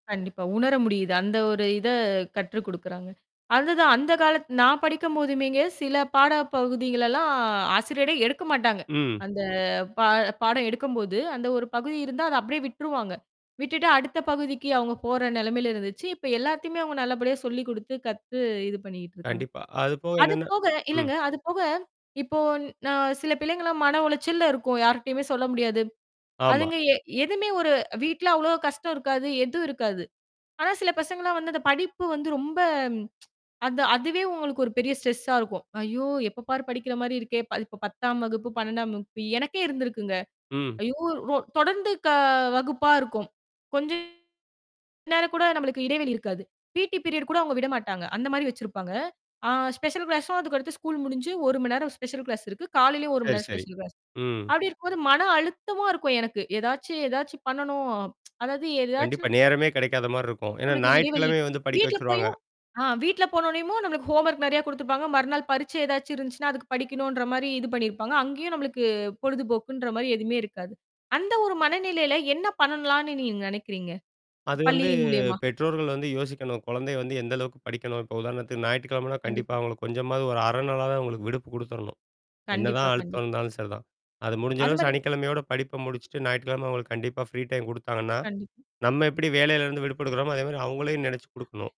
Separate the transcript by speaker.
Speaker 1: கண்டிப்பா. உணர முடியுது. அந்த ஒரு இத கற்று குடுக்குறாங்க. அதுதான் அந்த காலத் நான் படிக்கும்போதுமேங்க சில பாட பகுதிகளல்லாம் ஆசிரியரே எடுக்க மாட்டாங்க.
Speaker 2: ம்.
Speaker 1: அந்த பா பாடம் எடுக்கும்போது, அந்த ஒரு பகுதி இருந்தா அத அப்படியே விட்டுருவாங்க. விட்டுட்டு அடுத்த பகுதிக்கு அவங்க போற நிலமையில இருந்துச்சு. இப்ப எல்லாத்தையுமே அங்க நல்லபடியா சொல்லிக் குடுத்து, கத்து இது பண்ணிட்டுருக்காங்க.
Speaker 2: கண்டிப்பா. அதுபோக
Speaker 1: அது
Speaker 2: என்னன்னா
Speaker 1: போக,
Speaker 2: ம்.
Speaker 1: இல்லங்க அது போக, இப்போ ந சில பிள்ளைங்கலாம் மன உளைச்சல்ல இருக்கும். யார்ட்டயுமே சொல்ல முடியாது.
Speaker 2: ஆமா.
Speaker 1: அதுங்க எ எதுவுமே ஒரு வீட்ல அவ்வளோ கஷ்டம் இருக்காது, எதுவும் இருக்காது! ஆனா, சில பசங்கலாம் வந்து அந்த படிப்பு வந்து ரொம்ப, அந்த அதுவே உங்களுக்கு ஒரு பெரிய ஸ்ட்ரெஸ்ஸா இருக்கும். ஐயோ! எப்ப பாரு படிக்கிற மாரி இருக்கே! இப்ப 10ஆம் வகுப்பு, 12ஆம் வகுப்பு எனக்கே இருந்திருக்குங்க.
Speaker 2: ம்.
Speaker 1: ஐயோ ரொ தொடர்ந்து க வகுப்பா இருக்கும். கொஞ்சம் நேரம் கூட நம்மளுக்கு இடைவெளி இருக்காது. பி.டி பீரியட் கூட அவுங்க விடமாட்டாங்க. அந்த மாரி வச்சிருப்பாங்க. ஆ ஸ்பெஷல் கிளாஸும் அதுக்கடுத்து ஸ்கூல் முடிஞ்சு 1 மணி நேரம் ஸ்பெஷல் கிளாஸ் இருக்கு. காலையிலேயும் ஒரு 1 மணி
Speaker 2: சரி,
Speaker 1: நேம்ர
Speaker 2: சரி.
Speaker 1: Special class.
Speaker 2: ம்.
Speaker 1: அப்படி இருக்கும்போது மன அழுத்தமா இருக்கும் எனக்கு. ஏதாச்சும் ஏதாச்சும் பண்ணணும். அதாவது
Speaker 2: கண்டிப்பா.
Speaker 1: ஏதாச்சும்
Speaker 2: நேரமே கிடைக்காத மாரி இருக்கும். ஏன்னா
Speaker 1: நம்மளுக்கு இடைவெளி.
Speaker 2: ஞாயிற்றுக்கிழமை வந்து படிக்க
Speaker 1: வீட்டு்ல
Speaker 2: வச்சுருவாங்க.
Speaker 1: போயும் ஆ வீட்ல போனோனையுமும் நம்மளுக்கு ஹோம்வொர்க் நெறையா குடுத்துருப்பாங்க. மறுநாள் பரீட்சை ஏதாச்சும் இருந்துச்சுன்னா, அதுக்கு படிக்கணுன்ற மாரி இது பண்ணியிருப்பாங்க. அங்கேயும் நம்மளுக்கு பொழுதுபோக்குன்ற மாரி எதுவுமே இருக்காது. அந்த ஒரு மனநிலையில என்ன பண்ணலான்னு நீங்க நினைக்கிறீங்க?
Speaker 2: அது வந்து
Speaker 1: பள்ளியின் மூலியமா?
Speaker 2: பெற்றோர்கள் வந்து யோசிக்கணும். குழந்தை வந்து எந்த அளவுக்கு படிக்கணும்? இப்ப உதாரணத்துக்கு ஞாயிற்றுக்கிழமைனா, கண்டிப்பா
Speaker 1: கண்டிப்பா.
Speaker 2: அவங்களுக்கு கொஞ்சமாவது ஒரு 1/2 நாளாது அவங்களுக்கு விடுப்பு குடுத்துரணும்.
Speaker 1: கண்டிப்பா,
Speaker 2: என்னதான் அழுத்தம்
Speaker 1: கண்டிப்பா.
Speaker 2: இருந்தாலும் சரிதான். அது முடிஞ்ச
Speaker 1: அந்த
Speaker 2: அளவு
Speaker 1: மாரி
Speaker 2: சனிக்கிழமையோட படிப்ப முடிச்சுட்டு, ஞாயிறறுக்கிழமை அவுங்களுக்கு கண்டிப்பா ஃப்ரீ டைம் குடுத்தாங்கன்னா,
Speaker 1: கண்டிப்பா.
Speaker 2: நம்ம எப்படி வேலையில இருந்து விடுப்ப எடுக்குறோமோ, அதே மாரி அவங்களையும் நினச்சு குடுக்கணும்.